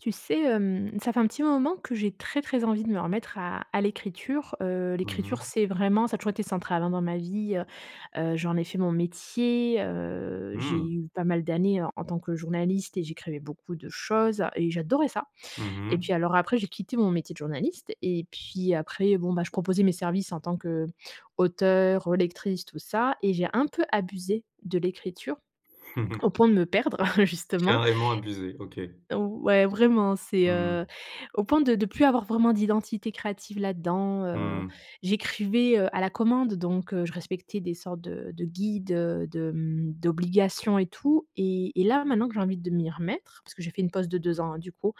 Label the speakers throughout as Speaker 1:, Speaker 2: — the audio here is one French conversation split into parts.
Speaker 1: Tu sais, hem, ça fait un petit moment que j'ai très, très envie de me remettre à à l'écriture. Heu,
Speaker 2: Mmh
Speaker 1: l'écriture,
Speaker 2: mh.
Speaker 1: c'est vraiment ça a toujours été central, hein, dans ma vie, heu heu, j'en ai fait mon métier, heu, j'ai
Speaker 2: Mmh.
Speaker 1: eu pas mal d'années en en tant que journaliste et j'écrivais beaucoup de choses et j'adorais ça
Speaker 2: Mmh
Speaker 1: et
Speaker 2: mh.
Speaker 1: puis, alors, après, j'ai quitté mon métier de journaliste et puis, après, bon, bah, je proposais mes services en tant qu'auteur, relectrice, tout ça, et j'ai un peu abusé de l'écriture, au point de me perdre justement.
Speaker 2: Carrément abuser, OK.
Speaker 1: Ouais, vraiment, c'est,
Speaker 2: Mmh
Speaker 1: heu,
Speaker 2: mh.
Speaker 1: au point de de plus avoir vraiment d'identité créative là-dedans.
Speaker 2: Mmh
Speaker 1: Heu,
Speaker 2: mh.
Speaker 1: j'écrivais, heu, à la commande donc, heu, je respectais des sortes de de guides, de de mmh, d'obligations et tout et et là, maintenant que j'ai envie de m'y remettre parce que j'ai fait une pause de 2 ans, hein, du coup.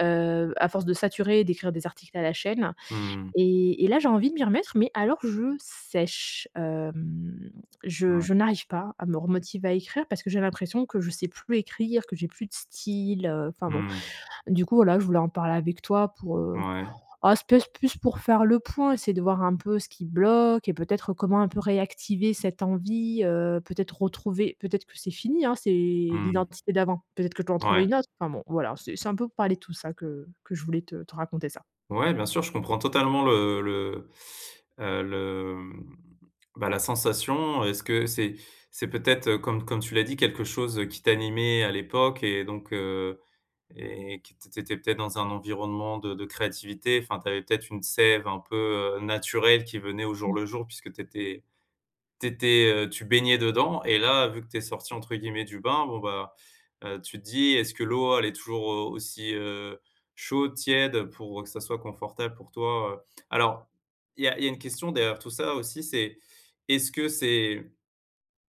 Speaker 1: Heu, à force de saturer et d'écrire des articles à la chaîne
Speaker 2: Mmh mh.
Speaker 1: et et là, j'ai envie de m'y remettre. Mais alors je sèche, hem, je
Speaker 2: Ouais.
Speaker 1: je n'arrive pas à me remotiver à écrire parce que j'ai l'impression que je sais plus écrire, que j'ai plus de style, heu, enfin, bon.
Speaker 2: Mmh mh.
Speaker 1: Du coup, voilà, je voulais en parler avec toi pour, heu
Speaker 2: Ouais.
Speaker 1: ah, c'est pèse plus pour faire le point. C'est de voir un peu ce qui bloque et peut-être comment un peu réactiver cette envie, heu, peut-être retrouver peut-être, c'est fini, hein, c'est
Speaker 2: Mmh.
Speaker 1: l'identité d'avant. Peut-être que je dois en
Speaker 2: Ouais.
Speaker 1: trouver une autre. Enfin, bon, voilà, c'est c'est un peu parler de tout ça que que je voulais te te raconter ça.
Speaker 2: Ouais, bien sûr, je comprends totalement le le, heu, le, mmh, bah, la sensation. Est-ce que c'est c'est peut-être, comme comme tu l'as dit, quelque chose qui t'animait à l'époque et donc heu, et que tu étais peut-être dans un environnement de de créativité. Enfin, tu avais peut-être une sève un peu, heu, naturelle qui venait au jour
Speaker 1: Mmh.
Speaker 2: le jour puisque tu étais tu étais, heu, tu baignais dedans et là, vu que tu es sortie, entre guillemets, du bain, bon, bah, heu, tu te dis: «Est-ce que l'eau, elle est toujours aussi, heu, chaude, tiède» pour que ça soit confortable pour toi, heu. Alors il y a il y a une question derrière tout ça, aussi, c'est: est-ce que c'est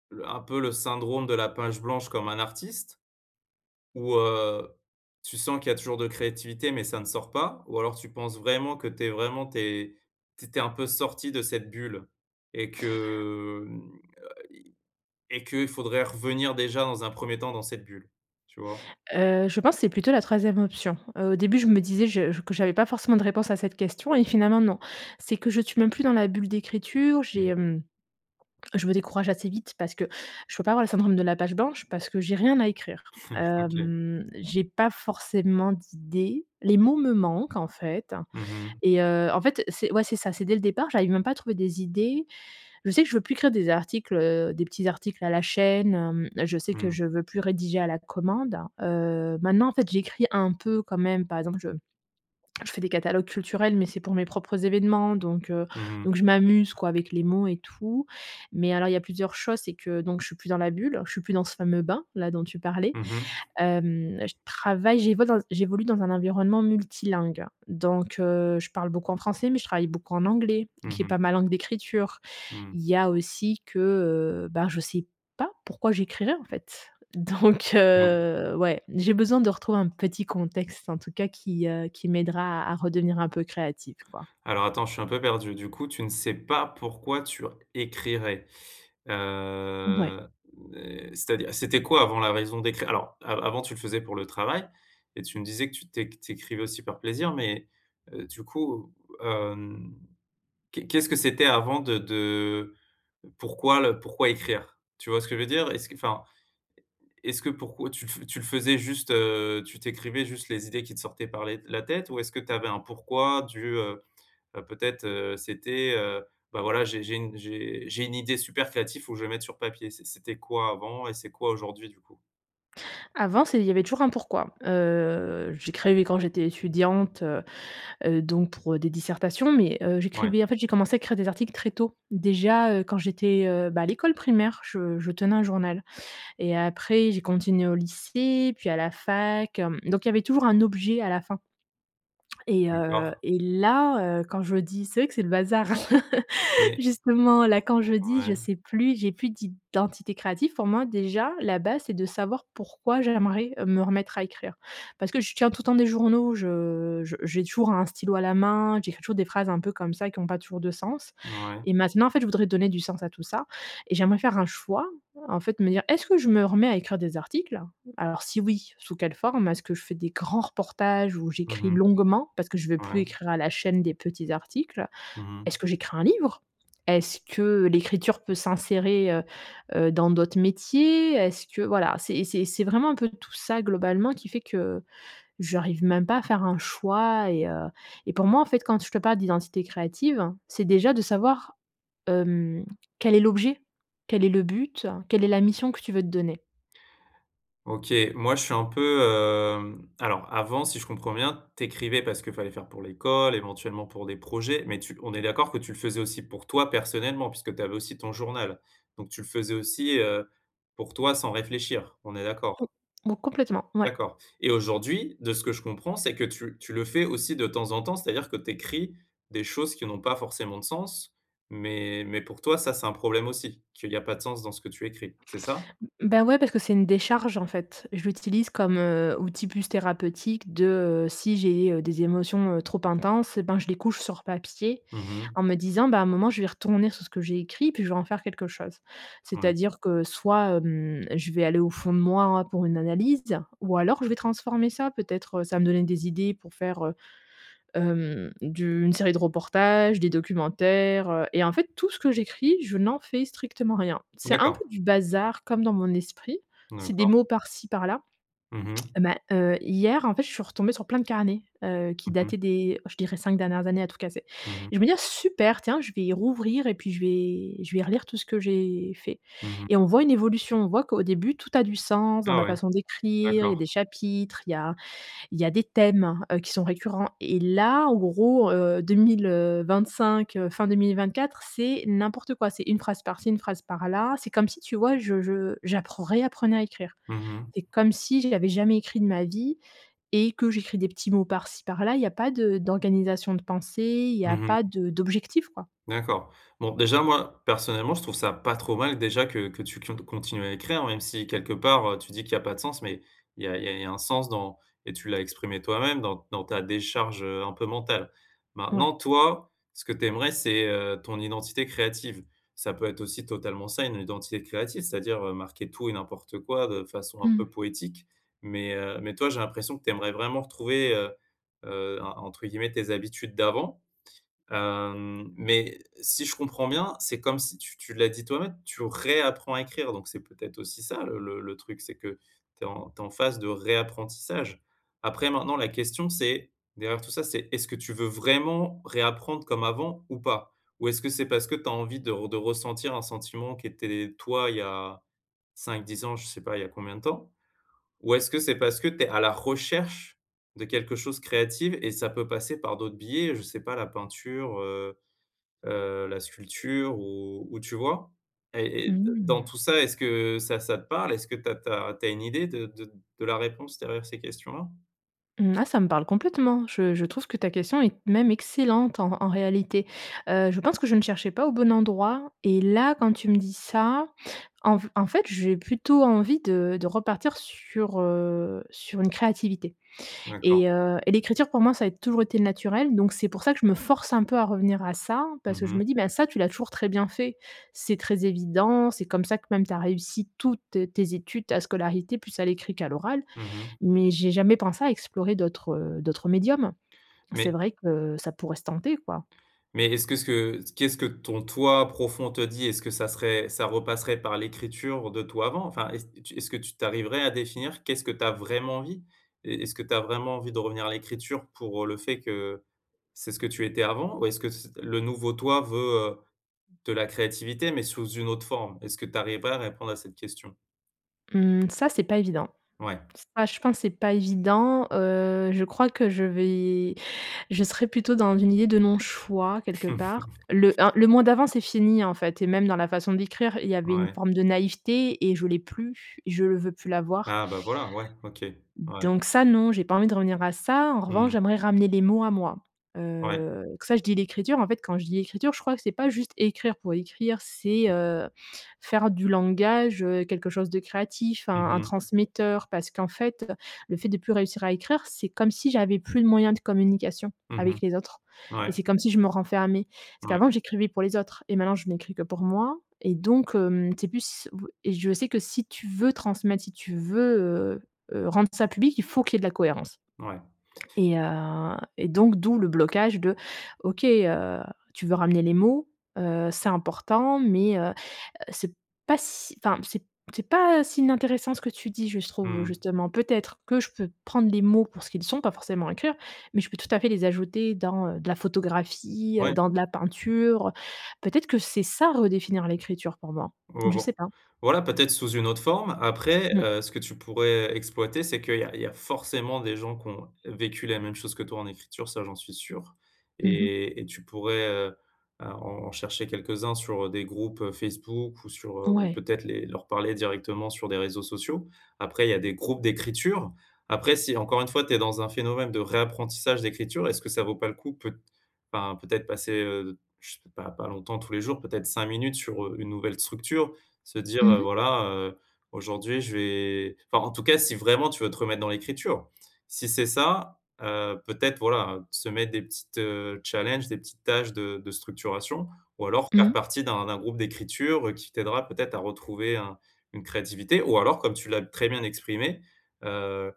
Speaker 2: le un peu, le syndrome de la page blanche comme un artiste? Ou heu, tu sens qu'il y a toujours de la créativité, mais ça ne sort pas? Ou alors, tu penses vraiment que tu es vraiment, tu es tu étais un peu sortie de cette bulle et que, hem, a i et que faudrait revenir déjà dans un 1er temps dans cette bulle, tu vois?
Speaker 1: Heu, je pense c'est plutôt la 3e option. Heu, au début, je me disais je que j'avais pas forcément de réponse à cette question et finalement, non. C'est que je suis même plus dans la bulle d'écriture.
Speaker 2: Mmh.
Speaker 1: J'ai, mmh, je me décourage assez vite parce que je peux pas avoir le syndrome de la page blanche, parce que j'ai rien à écrire.
Speaker 2: OK.
Speaker 1: Hem, j'ai pas forcément d'idées. Les mots me manquent, en fait
Speaker 2: Mmh mh.
Speaker 1: et heu en fait, c'est ouais, c'est ça, c'est dès le départ. J'arrive même pas à trouver des idées. Je sais que je veux plus écrire des articles, heu, des petits articles à la chaîne, hem. Je sais que
Speaker 2: Mmh.
Speaker 1: je veux plus rédiger à la commande. Heu, maintenant, en fait, j'écris un peu, quand même. Par exemple, je je fais des catalogues culturels, mais c'est pour mes propres événements donc heu
Speaker 2: Mmh mh.
Speaker 1: donc je m'amuse, quoi, avec les mots et tout. Mais alors, il y a plusieurs choses, c'est que donc je suis plus dans la bulle, je suis plus dans ce fameux bain-là dont tu parlais.
Speaker 2: Mmh mh.
Speaker 1: Hem, je travaille, j'évol j'évolue dans un environnement multilingue. Donc heu, je parle beaucoup en français, mais je travaille beaucoup en anglais,
Speaker 2: Mmh
Speaker 1: qui est
Speaker 2: mh.
Speaker 1: pas ma langue d'écriture.
Speaker 2: Mmh.
Speaker 1: Il y a aussi que, heu, ben, je sais pas pourquoi j'écrirais, en fait. Donc
Speaker 2: [unintelligible]
Speaker 1: heu, ouais, j'ai besoin de retrouver un petit contexte, en tout cas, qui, heu qui m'aidera à à redevenir un peu créative, quoi.
Speaker 2: Alors, attends, je suis un peu perdu. Du coup, tu ne sais pas pourquoi tu r écrirais.
Speaker 1: Ouais.
Speaker 2: Heu et c'est-à-dire c'était quoi avant la raison d'écrire? Alors, avant, tu le faisais pour le travail et tu me disais que tu éc tu écrivais aussi par plaisir. Mais heu, du coup, hem, qu'est qu'est-ce que c'était avant de de pourquoi le pourquoi écrire? Tu vois ce que je veux dire? Est-ce que enfin, est-ce que pour tu tu le faisais juste, heu, tu tu écrivais juste les idées qui te sortaient par les la tête ou est-ce que tu avais un pourquoi du, heu heu, peut-être, heu, c'était heu, bah, voilà, j'ai j'ai une j'ai 1 idée super créatif, faut que je le mette sur papier. C'est c'était quoi avant et c'est quoi aujourd'hui, du coup?
Speaker 1: Avant, c'est il y avait toujours un pourquoi. Heu, j'écrivais quand j'étais étudiante, heu heu donc pour des dissertations, mais heu,
Speaker 2: Ouais.
Speaker 1: j'écrivais en fait, j'ai commencé à écrire des articles très tôt. Déjà, heu, quand j'étais, heu, bah, à l'école primaire, je je tenais un journal et après, j'ai continué au lycée, puis à la fac, hem donc il y avait toujours un objet à la fin Et heu
Speaker 2: D'accord.
Speaker 1: et là, heu, quand je dis c'est vrai que c'est le bazar.
Speaker 2: Mais
Speaker 1: Justement, là, quand je dis: «Je
Speaker 2: Ouais.
Speaker 1: sais plus, j'ai plus d'identité créative.» pour moi, déjà, la base, c'est de savoir pourquoi j'aimerais me remettre à écrire. Parce que je tiens, tout le temps, des journaux. Je je j'ai toujours un stylo à la main. J'écris toujours des phrases un peu comme ça qui ont pas toujours de sens
Speaker 2: Ouais.
Speaker 1: et maintenant, en fait, je voudrais donner du sens à tout ça et j'aimerais faire un choix, en fait, me dire: «Est-ce que je me remets à écrire des articles?» Alors, si oui, sous quelle forme? Est-ce que je fais des grands reportages où
Speaker 2: Mmh
Speaker 1: j'écris
Speaker 2: mh.
Speaker 1: longuement?- parce que je veux plus
Speaker 2: Ouais.
Speaker 1: écrire à la chaîne des petits articles.
Speaker 2: Mmh
Speaker 1: Est-ce
Speaker 2: mh.
Speaker 1: que j'écris un livre? Est-ce que l'écriture peut s'insérer, heu heu, dans d'autres métiers? Est-ce que voilà, c'est c'est c'est vraiment un peu tout ça globalement qui fait que j'arrive même pas à faire un choix et, heu et pour moi, en fait, quand je te parle d'identité créative, c'est déjà de savoir, hem, quel est l'objet, quel est le but, quelle est la mission que tu veux te donner.
Speaker 2: OK, moi, je suis un peu, hem alors, avant, si je comprends bien, tu écrivais parce qu'il fallait faire pour l'école, éventuellement, pour des projets. Mais tu on est d'accord que tu le faisais aussi pour toi, personnellement, puisque tu avais aussi ton journal. Donc, tu le faisais aussi, heu, pour toi, sans réfléchir, on est d'accord?
Speaker 1: Mo complètement, ouais.
Speaker 2: D'accord. Et aujourd'hui, de ce que je comprends, c'est que tu tu le fais aussi, de temps en temps. C'est-à-dire que tu écris des choses qui n'ont pas forcément de sens, mais mais pour toi, ça, c'est un problème aussi qu'il y a pas de sens dans ce que tu écris. C'est ça?
Speaker 1: M ben, ouais, parce que c'est une décharge, en fait. Je l'utilise comme, heu, outil, plus thérapeutique de, heu, si j'ai, heu, des émotions, heu, trop intenses, et ben, je les couche sur papier
Speaker 2: Mmh mh.
Speaker 1: en me disant: «Ben, à un moment, je vais retourner sur ce que j'ai écrit puis je vais en faire quelque chose».
Speaker 2: Ouais.
Speaker 1: C'est-à-dire que soit, mmh, je vais aller au fond de moi, hein, pour une analyse, ou alors je vais transformer ça. Peut-être ça va me donner des idées pour faire, heu, hem, du une série de reportages, des documentaires, heu et en fait, tout ce que j'écris, je n'en fais strictement rien. C'est un peu
Speaker 2: D'accord.
Speaker 1: du bazar comme dans mon esprit, c'est des
Speaker 2: D'accord.
Speaker 1: mots par-ci par-là.
Speaker 2: Mmh mh.
Speaker 1: Mais, heu, hier, en fait, je suis retombée sur plein de carnets, heu, qui
Speaker 2: Mmh
Speaker 1: dataient
Speaker 2: mh.
Speaker 1: des je dirais, 5 dernières années, à tout casser
Speaker 2: Mmh mh.
Speaker 1: et je vais me dire: «Super, tiens, je vais rouvrir et puis, je vais je vais relire tout ce que j'ai fait.
Speaker 2: Mmh mh.
Speaker 1: Et on voit une évolution. On voit qu'au début, tout a du sens dans
Speaker 2: Ah
Speaker 1: ma
Speaker 2: ouais,
Speaker 1: façon d'écrire, il y a
Speaker 2: d'accord.
Speaker 1: des chapitres, il y a il y a des thèmes, heu, qui sont récurrents et là, en gros, heu, 2000, heu, 25, heu, fin 2024, c'est n'importe quoi. C'est une phrase par-ci, une phrase par-là. C'est comme si, tu vois je je j'apprends réapprenais à écrire.
Speaker 2: Mmh mh.
Speaker 1: C'est comme si j'avais jamais écrit de ma vie et que j'écris des petits mots par-ci par-là. Il y a pas de d'organisation de pensées, il y a
Speaker 2: Mmh mh.
Speaker 1: pas de d'objectif, quoi.
Speaker 2: D'accord. Bon, déjà moi, personnellement, je trouve ça pas trop mal, déjà, que que tu cud continues à écrire, même si, quelque part, heu, tu dis qu'il y a pas de sens, mais il y a il y a un sens dans et tu l'as exprimé toi-même, dans dans ta décharge, heu, un peu mentale. Maintenant,
Speaker 1: Oui.
Speaker 2: toi, ce que tu aimerais, c'est, heu, ton identité créative. Ça peut être aussi totalement ça, une identité créative, c'est-à-dire, heu, marquer tout et n'importe quoi, de façon un peu
Speaker 1: Mmh.
Speaker 2: poétique. Mais heu mais toi, j'ai l'impression que tu aimerais vraiment retrouver, heu heu, en entre guillemets, tes habitudes d'avant. Hem, mais si je comprends bien, c'est comme si tu tu l'as dit toi-même, tu réapprends à écrire. Donc, c'est peut-être aussi ça, le le le truc. C'est que tu es en tu es en phase de réapprentissage. Après, maintenant, la question, c'est derrière tout ça, c'est: est-ce que tu veux vraiment réapprendre comme avant ou pas? Ou est-ce que c'est parce que tu as envie de re de ressentir un sentiment qui était, toi, il y a 5-10 ans, je sais pas, il y a combien de temps. Ou est-ce que c'est parce que tu es à la recherche de quelque chose créative et ça peut passer par d'autres biais? Je sais pas, la peinture, heu heu, la sculpture ou ou tu vois et et dans
Speaker 1: Mmh.
Speaker 2: tout ça, est-ce que ça ça te parle? Est-ce que tu as tu as tu as une idée de de de la réponse derrière ces questions là?
Speaker 1: Là, ça me parle complètement. Je je trouve que ta question est même excellente en en réalité. Heu, je pense que je ne cherchais pas au bon endroit. Et là, quand tu me dis ça, en f en fait, je vais plutôt envie de de repartir sur, heu sur une créativité
Speaker 2: D'accord.
Speaker 1: et heu, et l'écriture pour moi, ça a toujours été naturel, donc c'est pour ça que je me force un peu à revenir à ça parce
Speaker 2: Mmh
Speaker 1: que je me
Speaker 2: mh.
Speaker 1: dis: «Ben ça, tu l'as toujours très bien fait, c'est très évident, c'est comme ça que même, tu as réussi toutes tes études, ta scolarité, plus à l'écrit qu'à l'oral».
Speaker 2: Mmh mh.
Speaker 1: Mais j'ai jamais pensé à explorer d'autres, heu, d'autres médiums.
Speaker 2: Mais
Speaker 1: C'est vrai que ça pourrait se tenter, quoi.
Speaker 2: Mais est-ce que ce que qu'est-ce que ton toi profond te dit? Est-ce que ça serait ça repasserait par l'écriture de toi, avant? Enfin, est-ce est-ce que tu tu arriverais à définir qu'est-ce que tu as vraiment envie? Est est-ce que tu as vraiment envie de revenir à l'écriture pour le fait que c'est ce que tu étais avant, ou est-ce que c le nouveau toi veut, heu, de la créativité, mais sous une autre forme? Est-ce que tu arriverais à répondre à cette question?
Speaker 1: Mmh, ça, c'est pas évident.
Speaker 2: Ouais.
Speaker 1: Ça, je pense, c'est pas évident, heu, je crois que je vais je serais plutôt dans une idée de non-choix quelque part. Le un le moi d'avant, c'est fini, hein, en fait, et même dans la façon d'écrire, il y avait une
Speaker 2: Ouais.
Speaker 1: forme de naïveté et je l'ai plus, je le veux plus l'avoir.
Speaker 2: Ah bah, voilà. Ouais. OK. Ouais.
Speaker 1: Donc ça, non, j'ai pas envie de revenir à ça. En
Speaker 2: Mmh
Speaker 1: revanche,
Speaker 2: mh.
Speaker 1: j'aimerais ramener les mots à moi.
Speaker 2: Ouais.
Speaker 1: Heu, que ça, je dis l'écriture, en fait, quand je dis «l'écriture», je crois que c'est pas juste écrire pour écrire, c'est,
Speaker 2: [unintelligible]
Speaker 1: heu, faire du langage, heu, quelque chose de créatif,
Speaker 2: Mmh
Speaker 1: un un
Speaker 2: mh.
Speaker 1: transmetteur, parce qu'en fait, le fait de plus réussir à écrire, c'est comme si j'avais plus de moyens de communication
Speaker 2: Mmh mh.
Speaker 1: avec les autres et
Speaker 2: Ouais.
Speaker 1: c'est comme si je me renfermais. Parce
Speaker 2: Ouais.
Speaker 1: qu'avant j'écrivais pour les autres et maintenant, je n'écris que pour moi et donc, hem, c'est plus b et je sais que si tu veux transmettre, si tu veux, heu heu, rendre ça public, il faut qu'il y ait de la cohérence
Speaker 2: Ouais.
Speaker 1: et heu et donc, d'où le blocage de: «OK, heu, tu veux ramener les mots, heu, c'est important, mais», heu heu, c'est pas si enfin, c'est c'est pas si inintéressant ce que tu dis, je se trouve,
Speaker 2: Mmh mh.
Speaker 1: justement, peut-être que je peux prendre les mots pour ce qu'ils sont, pas forcément écrire. Mais je peux tout à fait les ajouter dans, heu, de la photographie, heu,
Speaker 2: Ouais.
Speaker 1: dans de la peinture. Peut-être que c'est ça, redéfinir l'écriture pour moi.
Speaker 2: Vo
Speaker 1: Je
Speaker 2: vo
Speaker 1: sais pas.
Speaker 2: voilà peut-être sous une autre forme. Après,
Speaker 1: Mmh.
Speaker 2: heu, ce que tu pourrais exploiter, c'est qu'il y a il y a forcément des gens qui ont vécu la même chose que toi, en écriture. Ça, j'en suis sûr
Speaker 1: Mmh mh.
Speaker 2: et et tu pourrais, heu, à en chercher quelques-uns sur, heu, des groupes, heu, Facebook ou sur, heu,
Speaker 1: Ouais.
Speaker 2: peut-être les leur parler directement sur des réseaux sociaux. Après, il y a des groupes d'écriture. Après, si, encore une fois, tu es dans un phénomène de réapprentissage d'écriture, est-ce que ça vaut pas le coup, peut enfin, peut-être, passer, heu, je sais pas, pas longtemps, tous les jours peut-être 5 minutes sur, heu, une nouvelle structure, se dire
Speaker 1: Mmh
Speaker 2: heu,
Speaker 1: mh.
Speaker 2: voilà, heu: «Aujourd'hui, je vais» enfin, en tout cas, si vraiment, tu veux te remettre dans l'écriture. Si c'est ça, heu, peut-être, voilà, heu, se mettre des petites, heu, challenges, des petites tâches de de structuration ou alors faire
Speaker 1: Mmh.
Speaker 2: partie d'un d'un groupe d'écriture qui t'aidera peut-être à retrouver un une créativité, ou alors, comme tu l'as très bien exprimé, heu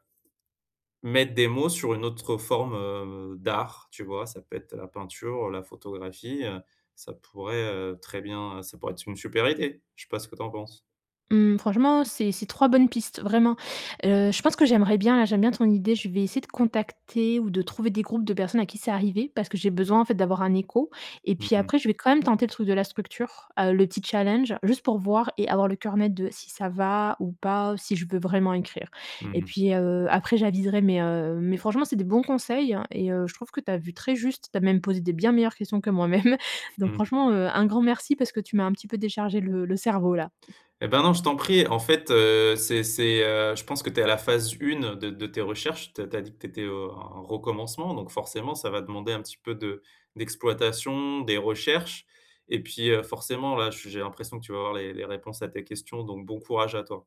Speaker 2: mettre des mots sur une autre forme, heu, d'art, tu vois? Ça peut être la peinture, la photographie, heu, ça pourrait, heu, très bien ça pourrait être une super idée. Je sais pas ce que tu en penses?
Speaker 1: Mmh, franchement, c'est c'est 3 bonnes pistes, vraiment. Heu, je pense que j'aimerais bien, heu j'aime bien ton idée. Je vais essayer de contacter ou de trouver des groupes de personnes à qui c'est arrivé parce que j'ai besoin, en fait, d'avoir un écho et
Speaker 2: Mmh
Speaker 1: puis
Speaker 2: mh.
Speaker 1: après, je vais quand même tenter le truc de la structure, heu, le petit challenge, juste pour voir et avoir le cœur net de si ça va ou pas, ou si je veux vraiment écrire.
Speaker 2: Mmh
Speaker 1: Et
Speaker 2: mh.
Speaker 1: puis, heu, après, j'aviserai, mais heu mais franchement, c'est des bons conseils, hein, et heu, je trouve que tu as vu très juste. Tu as même posé des bien meilleures questions que moi-même. Donc
Speaker 2: Mmh.
Speaker 1: franchement, heu, un grand merci parce que tu m'as un petit peu déchargé le le cerveau là.
Speaker 2: Et ben, non, je t'en prie, en fait, heu, c'est c'est, heu, je pense que tu es à la phase 1 de de tes recherches. Tu as tu as dit que tu étais au en recommencement, donc forcément, ça va demander un petit peu de d'exploitation, des recherches et puis, heu, forcément, là, j'ai l'impression que tu vas avoir les les réponses à tes questions, donc bon courage à toi.